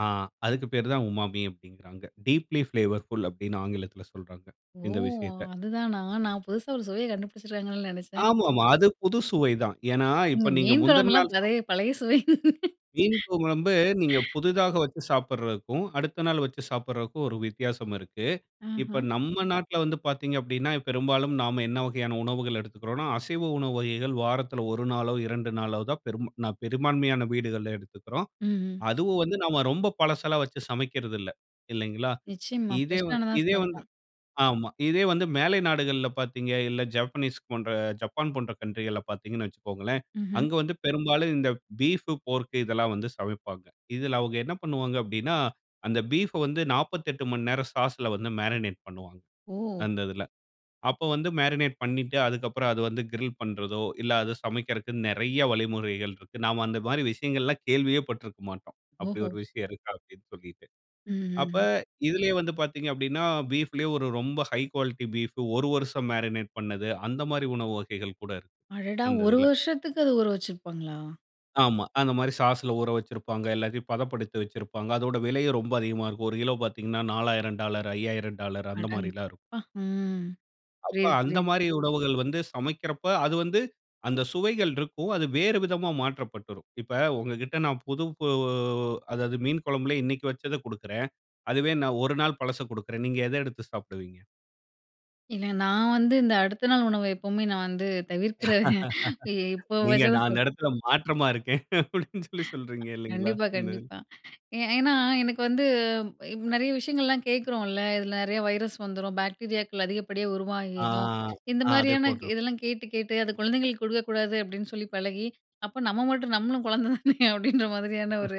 ஆ அதுக்கு பேரு தான் உமாமி அப்பிடிங்கிறாங்க. டீப்லி பிளேவர்ஃபுல் அப்பிடின்னு ஆங்கிலத்தில சொல்றாங்க. ஓ! இந்த விஷயத்த. அதுதானா! நான் புதுசா ஒரு சுவைய கண்டுபிடிச்சிருக்காங்கன்னு நினைச்சேன். ஆமா, ஆமா. அது புது சுவை தான். ஏன்னா, இப்ப ம், நீங்க மீன் முந்தின குழம்புலாம் நாள் [unintelligible] பழைய, பழைய சுவை. மீன் குழம்பு, நீங்க புதிதாக வச்சு சாப்பிடுறதுக்கும், அடுத்த நாள் வச்சு சாப்பிட்றதுக்கும் ஒரு வித்தியாசம் இருக்கு. இப்ப ஆஹ. நம்ம நாட்ல வந்து பார்த்தீங்க அப்பிடின்னா, பெரும்பாலும் நாம என்ன வகையான உணவுகள் எடுத்துக்கிறோன்னா, அசைவ உணவு வகைகள் வாரத்தில 1 நாளோ! 2 நாளோ தான் பெருமா பெரும்பான்மையான வீடுகள் எடுத்துக்குறோம். ம், ம். அதுவும் வந்து நாம் ரொம்ப பழசெல்லாம் வச்சு சமைக்கிறது இல்ல. இல்லேங்களா! நிச்சயமா இதே ஃபிரஷ் வந்து, ஆனதான் இதே வந்து சமைப்போம். ஆமா. இதே வந்து மேலை நாடுகள்ல பார்த்தீங்க, இல்ல ஜப்பனீஸ் போன்ற ஜப்பான் போன்ற கவுண்ட்ரிகள்ல பார்த்தீங்கன்னு வச்சுக்கோங்களேன்! ம்ஹ்ம். அங்க வந்து பெரும்பாலும் இந்த பீஃப், போர்க் இதெல்லாம் வந்து சமைப்பாங்க. இதில அவுங்க என்ன பண்ணுவாங்க அப்பிடின்னா, அந்த பீஃப் அ வந்து 48 மணி நேரம் சாஸ்ல வந்து மேரினேட் பண்ணுவாங்க. ஓ! அந்த இதில. அப்போ வந்து மேரினேட் பண்ணிட்டு அதக்கப்புறம் அது வந்து கிரில் பண்றதோ! இல்ல அது சமைக்கிறக்கு நிறைய வழிமுறைகள் இருக்கு. நாம அந்த மாதிரி விஷயங்கள் கேள்வியே பட்டுருக்க மாட்டோம். அப்பிடி ஓஹோ ஒரு விஷயம் இருக்கா அப்பிடின்னு சொல்லிட்டு. ம், ம், அப்ப ம். இதிலேயே வந்து பார்த்தீங்க அப்பிடின்னா, பீஃப்லே ஒரு ரொம்ப ஹை குவாலிட்டி பீஃப் ஒரு வருடம் மேரினேட் பண்ணது, அந்தமாரி உணவு வகைகள் கூட இருக்கு. அடடா! அந்த ஒரு இதில. வருஷத்துக்கு அது ஊற வச்சிருப்பாங்களா? ஆமா. அந்தமாரி சாஸ்ல ஊற வச்சிருப்பாங்க. எல்லாத்தையும் பதப்படுத்தி வச்சிருப்பாங்க. அதோட விலையும் ரொம்ப அதிகமா இருக்கும். ஒரு கிலோ பார்த்தீங்கன்னா $4,000, $5000 அடங் அந்தமாரிலாம் இருக்கும். அப்பா! ம். அப்ப புரியுது, புரியுது. அந்தமாரி உணவுகள் வந்து சமைக்கிறப்ப, அது வந்து அந்த சுவைகள் இருக்கும். அது வேற விதமா மாற்றப்பட்டுருக்கும். இப்ப உங்கக்கிட்ட நான் புது அதாவது மீன் குழம்புலே இன்னக்கி வச்சத கொடுக்கிறேன். அதுவே நான் 1 நாள் பழச கொடுக்கிறேன். நீங்க எத எடுத்து சாப்பிடுவீங்க. இல்ல நான் வந்து இந்த அடுத்த நாள் உணவ எப்பவுமே நான் வந்து தவிர்க்கிற இ இப்போ நீங்க அந்த [unintelligible] இடத்தில மாற்றமா இருக்கேன், அப்பிடின்னு சொல்லி சொல்றீங்க இல்லேங்களா! கண்டிப்பா, இந்த [unintelligible] கண்டிப்பா. ஏ ஏன்னா எனக்கு வந்து நிறைய விஷயங்கள்லாம் கேட்குறோம்ல. இதில நிறையா வைரஸ் வந்துரும். பாக்டீரியாக்கள் அதிகப்படியா ஆ, உருவாகிரும். இந்த ஆ அதே மாரியான போன்றது. இதெல்லாம் கேட்டு, கேட்டு அது குழந்தைங்களுக்கு கொடுக்கக்கூடாது அப்பிடின்னு சொல்லி பழகி அப்ப நம்ம மட்டும் நம்மளும் குழந்தை தானே! அப்பிடின்ற மாதிரியான ஒரு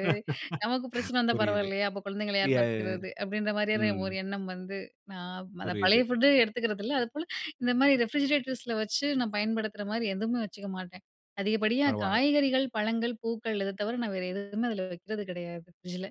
நமக்கு பிரச்சனை வந்தா புரியுது. பரவாயில்லயா! அப்போ குழந்தைங்கள யார் பார்த்துக்கிறது. அப்பிடின்ற [unintelligible] மாரியான ஒரு ம் எண்ணம் வந்து நான் அந்த பழைய புரியுது. ஃபுட் எடுத்துக்கிறது இல்ல. அதுப்போல இந்த மாரி ரெஃப்ரிஜிரேட்டர்ஸ்ல வச்சு நான் பயன்படுத்துகிற மாரி எதுவுமே வச்சுக்க மாட்டேன். அதிகப்படியா பரவால்ல. காய்கறிகள், பழங்கள், பூக்கள் இத தவிர நான் வேற எதுவுமே அதில வைக்கிறது கிடையாது. ஃப்ரிட்ஜ் ல.